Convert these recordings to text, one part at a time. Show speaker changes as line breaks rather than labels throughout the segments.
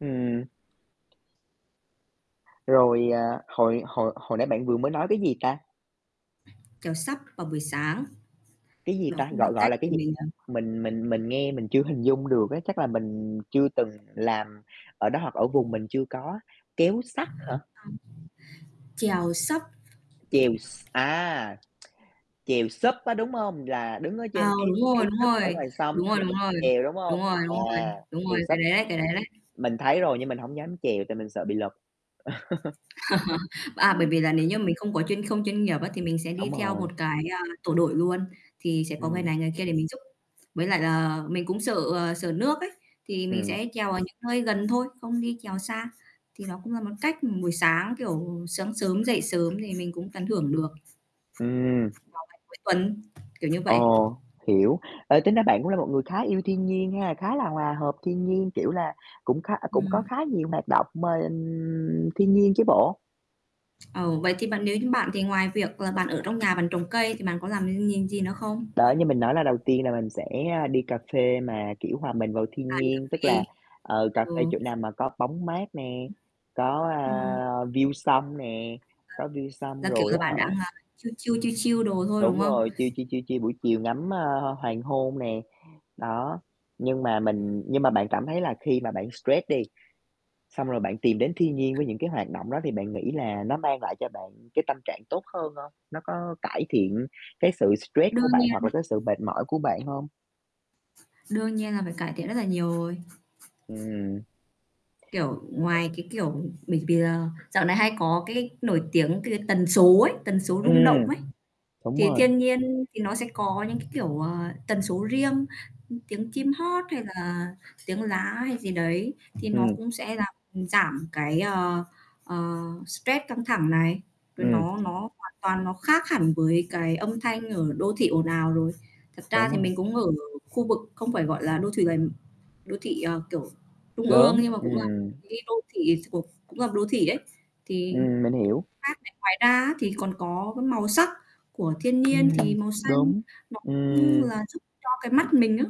Ừm. Rồi, à, hồi hồi hồi nãy bạn vừa mới nói cái gì ta?
Chèo SUP vào buổi sáng.
Cái gì
Đó
ta?
cũng là
Gọi gọi
cách
là
để
cái gì
mình, à
[unintelligible] mình mình mình nghe mình chưa hình dung được á, chắc là mình chưa từng làm ở đó hoặc ở vùng mình chưa có, kéo sắt hả?
[unintelligible] Chèo SUP.
Chèo s a. Chèo SUP á, đúng hông? Là đứng ở
À,
trên cái
đúng rồi,
cái
đúng
SUP ở
rồi,
ngoài sông
đúng
xong
rồi,
rồi
đúng
mình
rồi,
chèo, đúng
đúng
hông?
rồi,
À,
đúng rồi, đúng rồi,
chèo
cái
SUP.
đấy đấy, cái đấy đấy.
Mình thấy rồi nhưng mình hổng dám chèo tại mình sợ bị lật.
À, bởi vì là nếu như mình không có chuyên không chuyên nghiệp á thì mình sẽ đi
Đúng
theo
rồi.
một cái, ơ, tổ đội luôn, thì sẽ có người
Ừm.
này người kia để mình giúp. Với lại là mình cũng sợ, à, sợ nước ấy, thì mình
Ừm.
sẽ chèo ở những nơi gần thôi, không đi chèo xa. Thì nó cũng là một cách buổi sáng, kiểu, sáng sớm dậy sớm thì mình cũng tận hưởng được. Vào
Ừm.
ngày cuối tuần, kiểu như vậy.
Ồ, hiểu. Ê, tính ra bạn cũng là một người khá yêu thiên nhiên ha, khá là hòa hợp thiên nhiên, kiểu là, cũng khá ơ, cũng có
Ừm.
khá nhiều hoạt động mà, ừm, thiên nhiên chứ bộ.
Ờ, vậy thì bạn nếu như bạn thì ngoài việc là bạn ở trong nhà bạn trồng cây thì bạn có làm [unintelligible] gì nữa không?
Đó, như mình nói là đầu tiên là mình sẽ, a, đi cà phê mà, kiểu, hòa mình vào
À,
thiên
đi cà
nhiên, tức
phê,
là, ờ, cà
ờ.
phê chỗ nào mà có bóng mát nè, có, a,
Ừm.
view sông nè, có view
[unintelligible]
sông
Là, kiểu
rồi
là,
á
bạn đang,
hả
a, chill chill, chill chill đồ thôi, đúng
Đúng
không?
rồi, chill chill, chill chill buổi chiều ngắm, a, a, hoàng hôn nè, đó. Nhưng mà mình nhưng mà bạn cảm thấy là khi mà bạn stress đi, xong rồi bạn tìm đến thiên nhiên với
Ừm.
những cái hoạt động đó thì bạn nghĩ là nó mang lại cho bạn cái tâm trạng tốt hơn hông? Nó có cải thiện cái sự stress của
Đương
bạn
nhiên.
hoặc là cái sự mệt mỏi của bạn hông?
Đương nhiên là phải cải thiện rất là nhiều rồi.
Ừm.
Kiểu, ngoài cái, kiểu, mình bì, à dạo này hay có cái nổi tiếng cái tần số ấy, tần số rung động
Ừm,
ấy.
đúng
Thì
rồi.
thiên nhiên thì nó sẽ có những cái, kiểu, ờ, tần số riêng, ư, tiếng chim hót hay là tiếng lá hay gì đấy thì nó
Ừm.
cũng sẽ làm giảm cái, ờ, ờ, stress căng thẳng này, rồi
Ừm.
nó nó hoàn toàn nó khác hẳn với cái âm thanh ở đô thị ồn ào rồi. Thật ra
Đúng
thì
rồi.
mình cũng ở khu vực không phải, gọi là, đô thuỵ gần đô thị, à, kiểu, trung ương
Lớn,
nhưng mà cũng là
ừm
cái đô thị thuộc cũng là một đô thị đấy thì
Ừm, mình hiểu.
khác này ngoài ra thì còn có cái màu sắc của thiên nhiên thì
Ừm.
màu xanh
Đúng.
nó cũng
Ừm.
là giúp cho cái mắt mình á,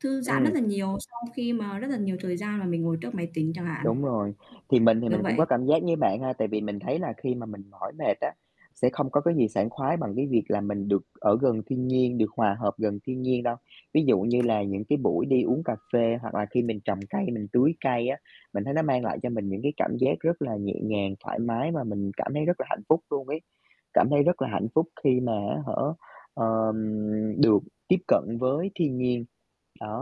thư giãn rất
Ừm.
là nhiều sau khi mà rất là nhiều thời gian mà mình ngồi trước máy tính chẳng hạn.
Đúng rồi, thì mình thì
Đúng
mình cũng có
vậy.
cảm giác như bạn ha, tại vì mình thấy là khi mà mình mỏi mệt á, sẽ không có cái gì sảng khoái bằng cái việc là mình được ở gần thiên nhiên, được hòa hợp gần thiên nhiên đâu. Ví dụ như là những cái buổi đi uống cà phê hoặc là khi mình trồng cây, mình tưới cây á, mình thấy nó mang lại cho mình những cái cảm giác rất là nhẹ nhàng, thoải mái và mình cảm thấy rất là hạnh phúc luôn ấy, cảm thấy rất là hạnh phúc khi mà, á hả, ờ, ừm, được tiếp cận với thiên nhiên, đó.